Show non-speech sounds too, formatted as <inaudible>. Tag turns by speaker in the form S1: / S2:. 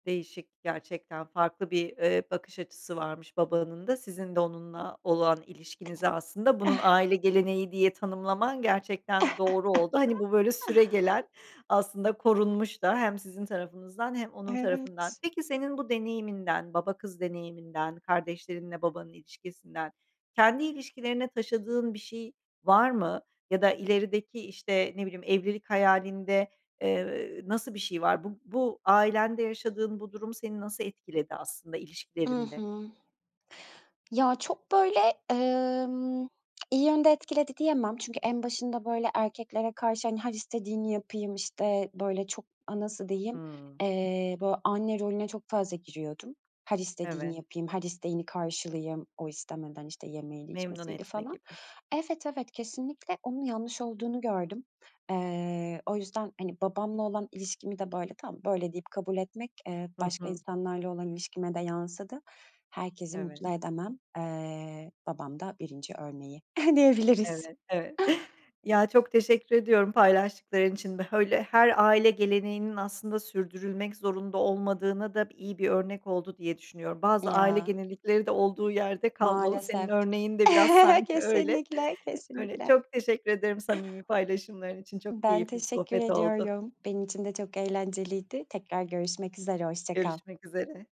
S1: Değişik, gerçekten farklı bir, ııı, bakış açısı varmış babanın da sizin de onunla olan ilişkinizi aslında bunun aile
S2: <chuckles>
S1: geleneği diye tanımlaman gerçekten doğru oldu. Hani
S2: <chuckles>
S1: bu böyle süregelen aslında korunmuş da hem sizin tarafınızdan hem onun tarafından.
S2: Evet.
S1: Peki, senin bu deneyiminden, baba kız deneyiminden, kardeşlerinle babanın ilişkisinden kendi ilişkilerine taşıdığın bir şey var mı? Ya da ilerideki, işte, ne bileyim evlilik hayalinde, ııı, nasıl bir şey var? Bu bu ailende yaşadığın bu durum seni nasıl etkiledi aslında
S2: I
S1: ilişkilerinde?
S2: hı. Ya, çok böyle, ımm, iyi yönde etkiledi diyemem. Çünkü en başında böyle erkeklere karşı hani her istediğini yapayım, işte, böyle çok, aaa, nasıl diyeyim,
S1: Hımm.
S2: eee, böyle anne rolüne çok fazla giriyordum. Her istediğini
S1: Evet.
S2: yapayım, her isteğini karşılayayım, o istemeden, işte, yemeğiydi
S1: Memnun
S2: içmesiydi
S1: etme
S2: falan.
S1: gibi.
S2: Evet, evet, kesinlikle, onun yanlış olduğunu gördüm. Iıı, o yüzden hani babamla olan ilişkimi de böyle tamam, böyle, deyip kabul etmek, ııı,
S1: Hı
S2: başka
S1: hı.
S2: insanlarla olan ilişkime de yansıdı. Herkesi
S1: Evet.
S2: mutlu edemem. Iıı, babam da 1. örneği <chuckles> diyebiliriz.
S1: Evet, evet. <chuckles> Ya, çok teşekkür ediyorum paylaştıkların için. Öyle her aile geleneğinin aslında sürdürülmek zorunda olmadığına da b iyi bir örnek oldu diye düşünüyorum. Bazı aile
S2: Ya.
S1: gelenekleri de olduğu yerde kalmalı. Senin
S2: Maalesef.
S1: örneğinde biraz
S2: <chuckles>
S1: sanki öyle.
S2: Kesinlikle,
S1: Öyle,
S2: kesinlikle.
S1: çok teşekkür ederim samimi paylaşımların için. Çok
S2: Ben
S1: keyifli bir
S2: teşekkür
S1: sohbet oldu.
S2: ediyorum. Benim için de çok eğlenceliydi. Tekrar görüşmek üzere, hoşça kal.
S1: Görüşmek üzere.